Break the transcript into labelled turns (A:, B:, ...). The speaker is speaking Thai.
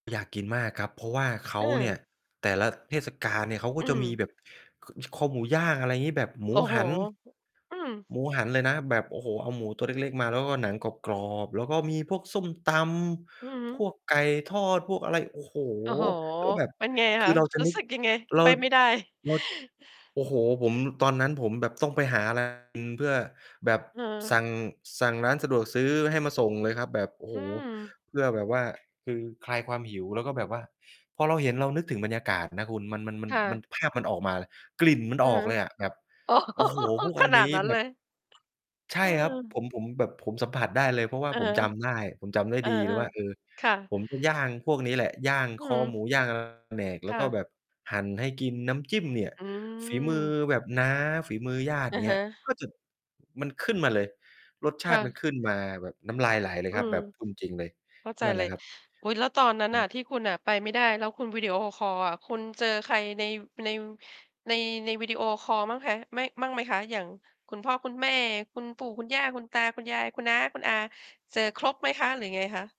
A: อยากกินมากครับ เพราะว่าเข
B: เอ
A: าเนี
B: อ
A: ่ย แต่ละเทศกาลเนี่ย เขาก
B: อ
A: ็
B: ื
A: จะมี
B: ม
A: แบบ ค คอหมูย่าง อะไรอย่างงี้ แบบหม
B: โอ
A: ู
B: ้โฮ
A: หัน
B: อืม
A: หมูหันเลยนะ แบบ โอ้โฮ เอาหมูตัวเล็ก ๆ มา แล้วก็หนังกรอบ ๆ แล้วก็มีพวกส้มต
B: อือฮึ
A: ำ พวกไก่ทอด พวกอะไร โอ้โฮ
B: โอ้โฮ
A: แล้วแบบ
B: เป็นไง
A: ค
B: ค
A: ื
B: ะ?
A: อเราจะ
B: รู้
A: นึก
B: สึกยังไง?
A: เร
B: ไ
A: า
B: ปไม่ได้
A: เรา โอ้โฮ ผม ตอนนั้นผมแบบต้องไปหา อะไร กิน เพื่อแบบ
B: เออ
A: สั่ง สั่งร้านสะดวกซื้อให้มาส่งเลยครับ แบบ โอ้โ
B: อ
A: ฮ
B: ืม
A: เพื่อแบบว่า คือคลายความหิว แล้วก็แบบว่าพอเราเห็นเราก็นึกถึงบรรยากาศนะคุณ มัน มัน
B: ค่
A: มัน
B: ะ
A: ภาพมันออกมาเลย กลิ่นมัน
B: อื
A: อ
B: อ
A: อ
B: ฮ
A: ก
B: ึ
A: เลยอะ แบบ โอ้โฮ พวก
B: ข
A: อัน
B: น
A: นี
B: าด
A: ้
B: นั้น
A: แบ
B: เล
A: บ
B: ย?
A: ใช่
B: เ
A: ครับ
B: ออ
A: ผม ผมแบบ ผมสัมผัสได้เลย เพราะว่า
B: อือ
A: ผ
B: ฮ
A: ม
B: ึ
A: จำได้ ผมจำได้
B: เออ
A: ดีเลยว่า เออ
B: ๆ ค่ะ
A: ผมจะย่างพวกนี้แหละ ย่าง
B: อื
A: คอ
B: ม
A: หมู ย่าง [unintelligible] แล
B: ค
A: ้ว
B: ่
A: ก็
B: ะ
A: แบบหั่นให้กิน น้ำจิ้มเนี่ย
B: อื
A: ฝีมือ
B: ม
A: แบบน้า ฝีมือญาติ
B: อะ
A: เน
B: ฮ
A: ี้ย
B: ะ
A: ก็จะ มันขึ้นมาเลย รสช
B: ค
A: า
B: ่
A: ติมั
B: ะ
A: นขึ้นมาแบบน้ำลายไหลเลย
B: อื
A: ครับ
B: ม
A: แบบพูดจริง ๆ เลย
B: เข้าใจ
A: นั่นแ
B: เ
A: ห
B: ล
A: ละ
B: ย
A: ครับ
B: อุ๊ย แล้วตอนนั้น
A: อ
B: น่
A: ือ
B: ะที่คุณน่ะไปไม่ได้ แล้วคุณวิดีโอคอลอะคุณเจอใครใน ว ใน ว ใน ในวีดีโอคอลมั่งคะ? ไม่ มั่งไหมคะ? อย่างคุณพ่อ คุณแม่ คุณปู่ คุณย่า คุณตา คุณยาย คุณน้า คุณอา เจอครบไหมคะ? หรือยังไงคะ?